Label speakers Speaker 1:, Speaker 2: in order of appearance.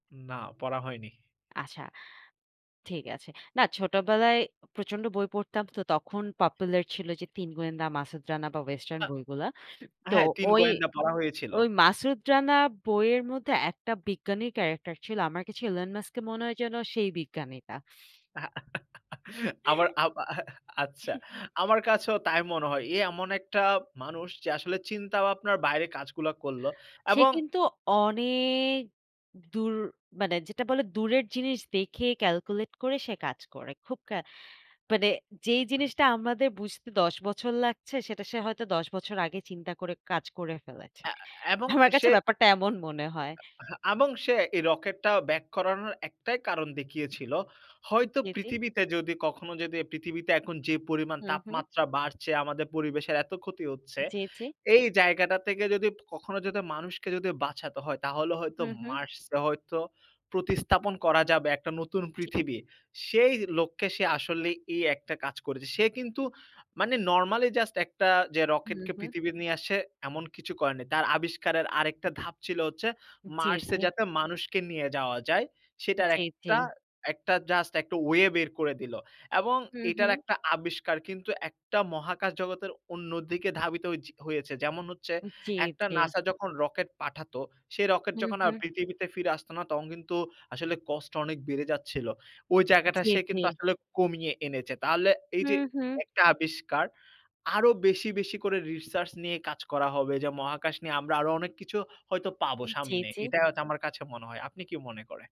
Speaker 1: না পড়া হয়নি।
Speaker 2: আচ্ছা, ঠিক আছে। না, ছোটবেলায় প্রচণ্ড বই পড়তাম, তো তখন popular ছিল যে, 'তিন গোয়েন্দা', 'মাসুদ রানা' বা western
Speaker 1: আ
Speaker 2: বইগুলা। তো
Speaker 1: হ্যাঁ, '৩
Speaker 2: ওই,
Speaker 1: গোয়েন্দা' পড়া হয়েছিল।
Speaker 2: ওই 'মাসুদ রানা' বইয়ের মধ্যে একটা বিজ্ঞানী character ছিল, আমার কাছে Elon Musk-কে মনে হয় যেন সেই বিজ্ঞানীটা।
Speaker 1: হ্যাঁ, আমার আব আচ্ছা, আমার কাছেও তাই মনে হয়। এ এমন একটা মানুষ যে, আসলে চিন্তা ভাবনার বাইরে কাজগুলা করলো
Speaker 2: সে
Speaker 1: এবং
Speaker 2: কিন্তু অনেক দূর, মানে যেটা বলে দূরের জিনিস দেখে calculate করে সে কাজ করে। খুব ক্যা মানে, যেই জিনিসটা আমাদের বুঝতে ১০ বছর লাগছে, সেটা সে হয়তো ১০ বছর আগে চিন্তা করে কাজ করে ফেলেছে।
Speaker 1: অ্যা এবং
Speaker 2: আমার কাছে
Speaker 1: সে
Speaker 2: ব্যাপারটা এমন মনে হয়।
Speaker 1: আ এবং সে এই রকেটটা ব্যাক করানোর একটাই কারণ দেখিয়েছিল। হয়তো
Speaker 2: জি, জি।
Speaker 1: পৃথিবীতে যদি কখনো যদি পৃথিবীতে এখন যে পরিমাণ
Speaker 2: হুম, হুম।
Speaker 1: তাপমাত্রা বাড়ছে, আমাদের পরিবেশের এত ক্ষতি হচ্ছে
Speaker 2: জি, জি।
Speaker 1: এই জায়গাটা থেকে যদি কখনো যদি মানুষকে যদি বাঁচাতে হয় তাহলে হয়তো
Speaker 2: হুম, হুম।
Speaker 1: Mars এ হয়তো প্রতিস্থাপন করা যাবে একটা নতুন
Speaker 2: জি।
Speaker 1: পৃথিবীর। সেই লক্ষ্যে সে আসলেই এই একটা কাজ করেছে। সে কিন্তু মানে normally just একটা যে,
Speaker 2: হুম,
Speaker 1: রকেটকে
Speaker 2: হুম।
Speaker 1: পৃথিবীতে নিয়ে আসছে এমন কিছু করেনি। তার আবিষ্কারের আরেকটা ধাপ ছিল হচ্ছে
Speaker 2: জি,
Speaker 1: Mars-এ
Speaker 2: জি।
Speaker 1: যাতে মানুষকে নিয়ে যাওয়া যায়, সেটার
Speaker 2: জি, জি।
Speaker 1: একটা just একটা way বের করে দিল এবং
Speaker 2: হুম,
Speaker 1: এটার
Speaker 2: হুম।
Speaker 1: একটা আবিষ্কার কিন্তু একটা মহাকাশ জগতের অন্যদিকে ধাবিত হ হয়েছে। যেমন হচ্ছে
Speaker 2: জি,
Speaker 1: একটা
Speaker 2: জি।
Speaker 1: N-A-S-A যখন রকেট পাঠাত, সে রকেট
Speaker 2: হুম,
Speaker 1: যখন আর
Speaker 2: হুঁ।
Speaker 1: পৃথিবীতে ফিরে আসত না তখন কিন্তু আসলে cost অনেক বেড়ে যাচ্ছিল। ওই জায়গাটা
Speaker 2: জি,
Speaker 1: সে কিন্তু
Speaker 2: জি।
Speaker 1: আসলে কমিয়ে এনেছে। তাহলে এই যে
Speaker 2: হুম, হুম।
Speaker 1: একটা আবিষ্কার আরো বেশি, বেশি করে research নিয়ে কাজ করা হবে, যা মহাকাশ নিয়ে আমরা আরো অনেক কিছু হয়তো পাব
Speaker 2: জি,
Speaker 1: সামনে।
Speaker 2: জি।
Speaker 1: এটাই হয়তো আমার কাছে মনে হয়। আপনি কি মনে করে?